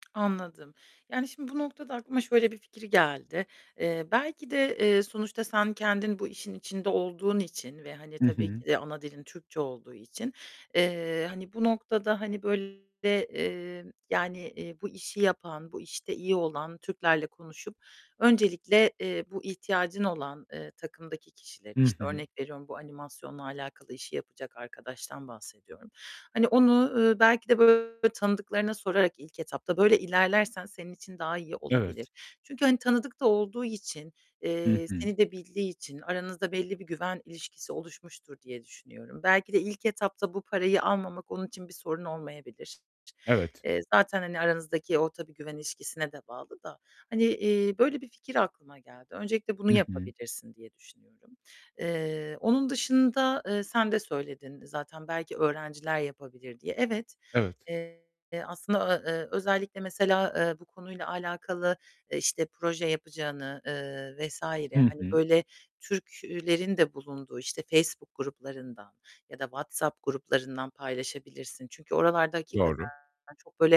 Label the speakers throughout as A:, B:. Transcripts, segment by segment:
A: Anladım. Yani şimdi bu noktada aklıma şöyle bir fikir geldi: Eee, belki de, eee, sonuçta sen kendin bu işin içinde olduğun için ve, hani,
B: Hı
A: tabii
B: hı.
A: ki de ana dilin Türkçe olduğu için, eee, hani, bu noktada, hani, böyle, eee, yani, eee, bu işi yapan, bu işte iyi olan Türklerle konuşup öncelikle, eee, bu ihtiyacın olan, eee, takımdaki kişileri,
B: Hı
A: işte,
B: hı.
A: örnek veriyorum, bu animasyonla alakalı işi yapacak arkadaştan bahsediyorum. Hani, onu, ııı, belki de, böyle, tanıdıklarına sorarak ilk etapta, böyle ilerlersen senin için daha iyi olabilir.
B: Evet.
A: Çünkü, hani, tanıdık da olduğu için,
B: Hı
A: eee,
B: hı.
A: seni de bildiği için aranızda belli bir güven ilişkisi oluşmuştur diye düşünüyorum. Belki de ilk etapta bu parayı almamak onun için bir sorun olmayabilir.
B: Evet.
A: Eee, zaten, hani, aranızdaki o -tabii güven ilişkisine de bağlı da. Hani, eee, böyle bir fikir aklıma geldi. Öncelikle bunu
B: Hı hı.
A: yapabilirsin diye düşünüyorum. Eee, onun dışında, eee, sen de söyledin zaten, "Belki öğrenciler yapabilir." diye. Evet,
B: Evet.
A: eee, aslında a eee, özellikle mesela, eee, bu konuyla alakalı, işte, proje yapacağını, eee, vs.
B: Hı
A: hani,
B: hı.
A: böyle, Türk eee, lerin de bulunduğu, işte, Facebook gruplarından ya da WhatsApp gruplarından paylaşabilirsin. Çünkü oralarda hakikaten
B: Doğru.
A: çok, böyle,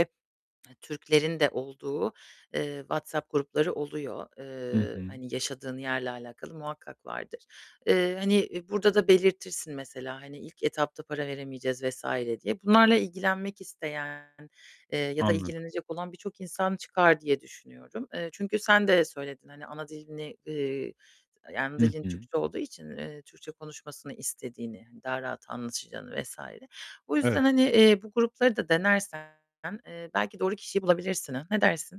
A: he Türklerin de olduğu, eee, WhatsApp grupları oluyor.
B: Hı
A: Eee,
B: hı.
A: hani, yaşadığın yerle alakalı muhakkak vardır. Eee, hani, eee, burada da belirtirsin mesela, hani, "İlk etapta para veremeyeceğiz." vs. diye. Bunlarla ilgilenmek isteyen, eee, ya da
B: Anladım.
A: ilgilenecek olan birçok insan çıkar diye düşünüyorum. Eee, çünkü sen de söyledin, hani, ana dilini eee, d ana
B: Hı
A: dilin
B: hı.
A: Türkçe olduğu için, eee, Türkçe konuşmasını istediğini, hani, daha rahat anlaşacağını vs. Bu yüzden,
B: Evet.
A: hani, eee, bu grupları da denersen, eee, belki doğru kişiyi bulabilirsin, ha? Ne dersin?